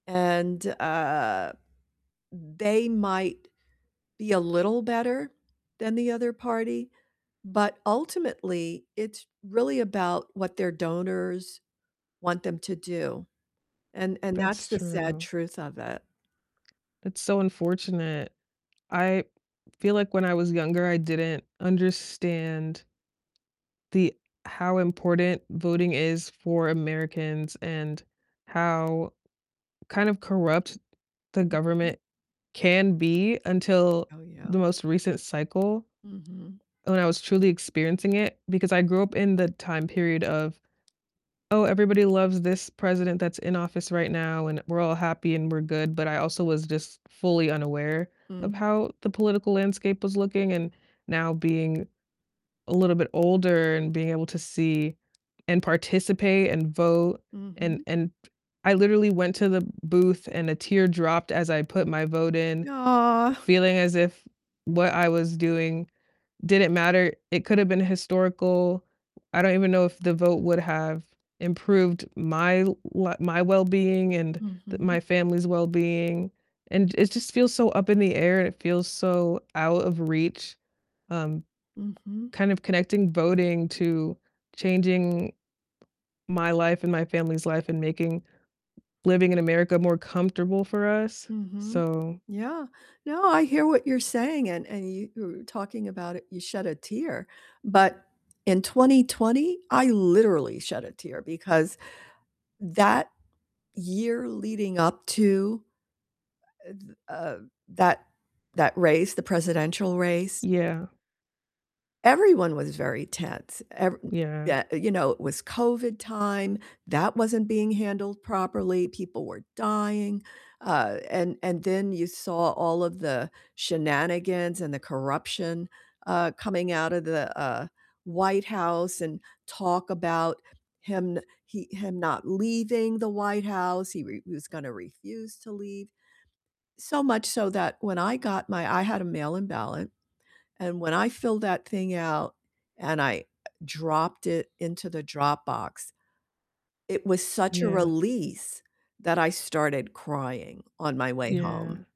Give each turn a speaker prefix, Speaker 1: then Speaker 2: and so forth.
Speaker 1: And, uh, they might be a little better than the other party, but ultimately it's really about what their donors want them to do, and and that's
Speaker 2: That's
Speaker 1: the sad
Speaker 2: true.
Speaker 1: truth of it.
Speaker 2: It's so unfortunate. I feel, like, when I was younger, I didn't understand the how important voting is for Americans and how kind of corrupt the
Speaker 1: Mhm.
Speaker 2: government can be until
Speaker 1: Oh, yeah.
Speaker 2: the most recent cycle
Speaker 1: Mhm.
Speaker 2: when I was truly experiencing it, because I grew up in the time period of, "Oh, everybody loves this president that's in office right now and we're all happy and we're good," but I also was just fully unaware
Speaker 1: Mm.
Speaker 2: of how the political landscape was looking, and now being a little bit older, and being able to see and participate and vote, and
Speaker 1: Mhm.
Speaker 2: and I literally went to the booth and a tear dropped as I put my vote in,
Speaker 1: Yeah.
Speaker 2: feeling as if what I was doing didn't matter, it could've been historical, I don't even know if the vote would have improved my l my wellbeing and the my
Speaker 1: Mhm.
Speaker 2: family's wellbeing. And it just feels so up in the air, it feels so out of reach, um,
Speaker 1: Mhm.
Speaker 2: kind of connecting voting to changing my life and my family's life, and making living in America more comfortable for us,
Speaker 1: Mhm.
Speaker 2: so
Speaker 1: Yeah. No, I hear what you're saying, and and you were talking about it, you shed a tear, but in 2020, I literally shed a tear, because that year leading up to, uh, the, uh that that race the presidential race
Speaker 2: Yeah.
Speaker 1: everyone was very tense, ev
Speaker 2: Yeah.
Speaker 1: Yeah, you know, it was COVID time, that wasn't being handled properly, people were dying, uh, and and then you saw all of the shenanigans and the corruption, uh, coming out of the, uh, White House, and talk about him no he, him not leaving the White House, he re he was gonna refuse to leave, so much so that when I got my I had a mail-in ballot, and when I filled that thing out and I dropped it into the drop box, it was such a
Speaker 2: Yeah.
Speaker 1: release that I started crying on my way
Speaker 2: Yeah.
Speaker 1: home.